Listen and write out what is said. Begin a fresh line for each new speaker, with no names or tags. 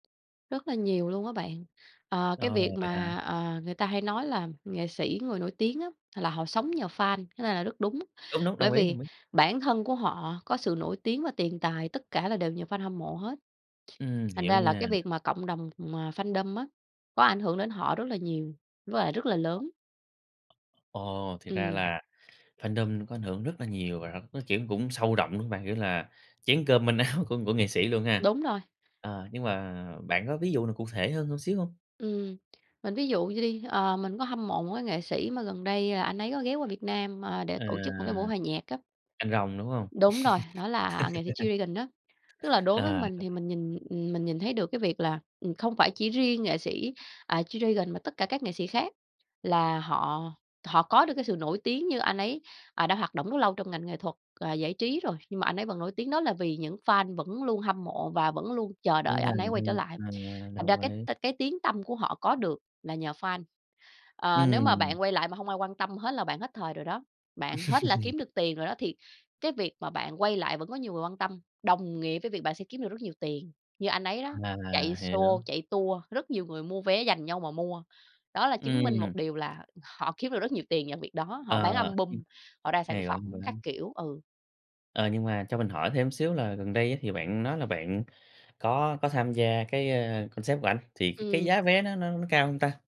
Rất là nhiều luôn á bạn. Ờ, cái
Ờ,
việc
vậy hả?
mà, ờ, người ta hay nói là nghệ sĩ, người nổi tiếng á là họ sống nhờ fan, cái này là rất đúng.
Đúng, đúng,
Bởi
đồng ý,
vì
đồng ý.
bản thân của họ có sự nổi tiếng và tiền tài, tất cả là đều nhờ fan hâm mộ hết.
Ừm,
Thành
hiểu
ra là
nha.
cái việc mà cộng đồng mà fandom á, có ảnh hưởng đến họ rất là nhiều, với lại rất là lớn.
Ồ thì ra
Ừm.
là fandom có ảnh hưởng rất là nhiều rồi, nó, kiểu, cũng sâu rộng, đúng không bạn? Kiểu là chén cơm manh áo của của nghệ sĩ luôn ha.
Đúng rồi.
Ờ, nhưng mà bạn có ví dụ nào cụ thể hơn hơn xíu hông?
Ừm, mình ví dụ vậy đi, ờ, mình có hâm mộ một cái nghệ sĩ mà gần đây là anh ấy có ghé qua Việt Nam, ờ, để
À.
tổ chức một cái buổi hòa nhạc á.
Anh Rồng, đúng hông?
Đúng rồi, đó là nghệ sĩ G-Dragon á. Tức là đối với
Ờ.
mình thì mình nhìn, ừm, mình nhìn thấy được cái việc là, ừm, không phải chỉ riêng nghệ sĩ, à, G-Dragon mà tất cả các nghệ sĩ khác, là họ họ có được cái sự nổi tiếng như anh ấy, à, đã hoạt động rất lâu trong ngành nghệ thuật và giải trí rồi, nhưng mà anh ấy vẫn nổi tiếng đó là vì những fan vẫn luôn hâm mộ và vẫn luôn chờ đợi
Trung
anh
thành
ấy quay
ha,
trở lại.
ờ,
Thành ra
đồng
cái
ý.
t cái tiếng tăm của họ có được là nhờ fan. Ờ, nếu mà
Ừm.
bạn quay lại mà hông ai quan tâm hết là bạn hết thời rồi đó, bạn hết là kiếm được tiền rồi đó thì cái việc mà bạn quay lại vẫn có nhiều người quan tâm, đồng nghĩa với việc bạn sẽ kiếm được rất nhiều tiền. Như anh ấy đó, chạy
À, hiểu.
show, chạy tour, rất nhiều người mua vé dành nhau mà mua. Đó là chứng minh
Ừm.
một điều là họ kiếm được rất nhiều tiền nhờ việc đó, họ
Ờ.
bán
Ừm,
album, họ ra sản
hay quá,
phẩm
hay quá.
các kiểu, ừ.
Ờ, nhưng mà cho mình hỏi thêm xíu là gần đây á thì bạn nói là bạn có có tham gia cái, ơ, concert của ảnh, thì c cái
Ừm.
giá vé nó nó nó cao hông ta?